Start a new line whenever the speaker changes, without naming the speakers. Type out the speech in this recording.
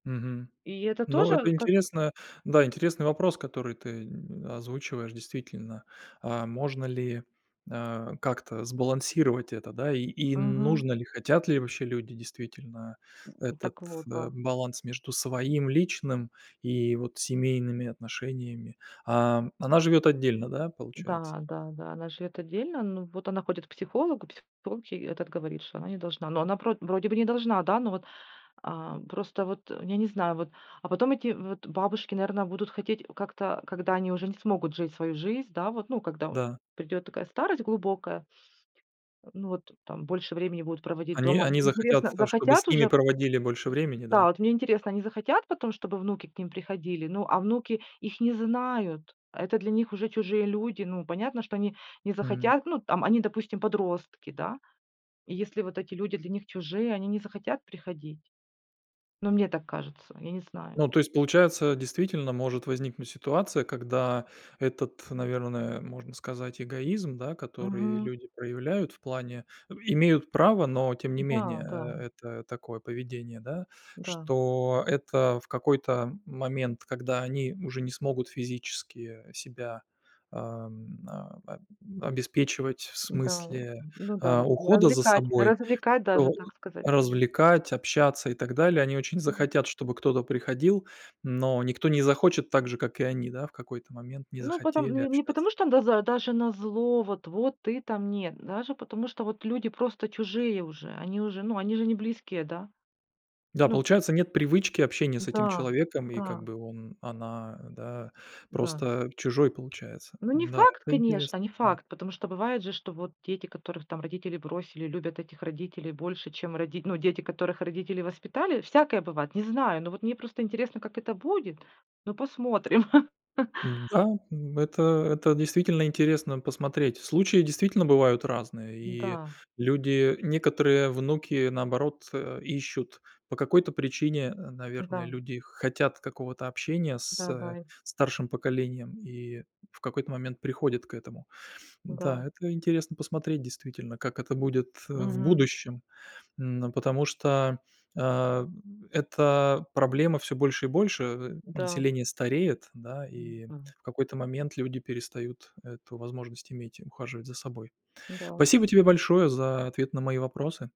Мгм.
И это
Ну,
тоже
это
как-то
интересно. Да, интересный вопрос, который ты, н озвучиваешь. Действительно, а можно ли, а, как-то сбалансировать это, да, и и
Мгм.
нужно ли? Хотят ли вообще люди действительно этот,
Так вот,
э,
да.
баланс между своим личным и вот семейными отношениями. А она живет отдельно, да, получается?
Да, да, да, она живет отдельно. Но вот она ходит к психологу, психолог ей этот говорит, что она не должна. Но она про вроде бы не должна, да, но вот, а, просто вот, я не знаю, вот, а потом эти вот бабушки, наверно, будут хотеть как-то, когда они уже не смогут жить свою жизнь, да, вот, ну, когда от
Да.
придет такая старость глубокая. Ну вот там больше времени будут проводить
Они
дома. Они
они захотят,
интересно,
в то, чтобы с
захотят
ними
уже?
проводили больше времени,
Да,
да?
вот мне интересно, они захотят потом, чтобы внуки к ним приходили? Ну, а внуки их не знают. Это для них уже чужие люди. Ну, понятно, что они не
М.
захотят. Ну, там, они, допустим, подростки, да. И если вот эти люди для них чужие, они не захотят приходить. Ну, мне так кажется, я не знаю.
Ну то есть получается, действительно, может возникнуть ситуация, когда этот, наверное, можно сказать, эгоизм, да, который
Мгм.
люди проявляют в плане имеют право, но тем не менее,
Да, да.
э, это такое поведение, да,
Да.
что это в какой-то момент, когда они уже не смогут физически себя, ам, об обеспечивать в
М-да,
смысле,
ну да,
а,
вот эти
ухода за
развлекать,
собой,
развлекать даже,
то
так сказать.
развлекать, общаться и так далее, они очень
М.
захотят, чтобы кто-то приходил, но никто не захочет, так же, как и они, да, в какой-то момент не
Ну потом,
захотели
не
общаться.
потому что н даза даже на зло, вот вот ты там нет, даже потому что вот люди просто чужие уже, они уже, ну они же не близкие, да?
Да,
Ну.
получается нет привычки общения с этим
Да,
человеком и как
да.
бы он, она, да,
Да.
просто чужой получается.
Но не
Да,
факт,
это
конечно,
интересная
не
тема.
факт. Потому что бывает же, что вот дети, которых там родители бросили, любят этих родителей больше, чем роди Ну, дети, которых родители воспитали, всякое бывает, не знаю. Но вот мне просто интересно, как это будет. Ну, посмотрим.
М-да, это это, действительно, интересно посмотреть. Случаи, действительно, бывают разные, и
Н-да.
люди некоторые внуки, наоборот, э, ищут по какой-то причине, наверное,
Да.
люди хотят какого-то общения с, э,
Да-да, и.
старшим поколением и в какой-то момент приходят к этому.
Да.
Да, это интересно посмотреть, действительно, как это будет, э, в
Мгм.
будущем, м, потому что, а, эта проблема всё больше и больше. Э,
Да.
население стареет, да, и
М-да.
в какой-то момент люди перестают эту возможность иметь и ухаживать за собой.
Да.
Спасибо тебе большое за ответ на мои вопросы.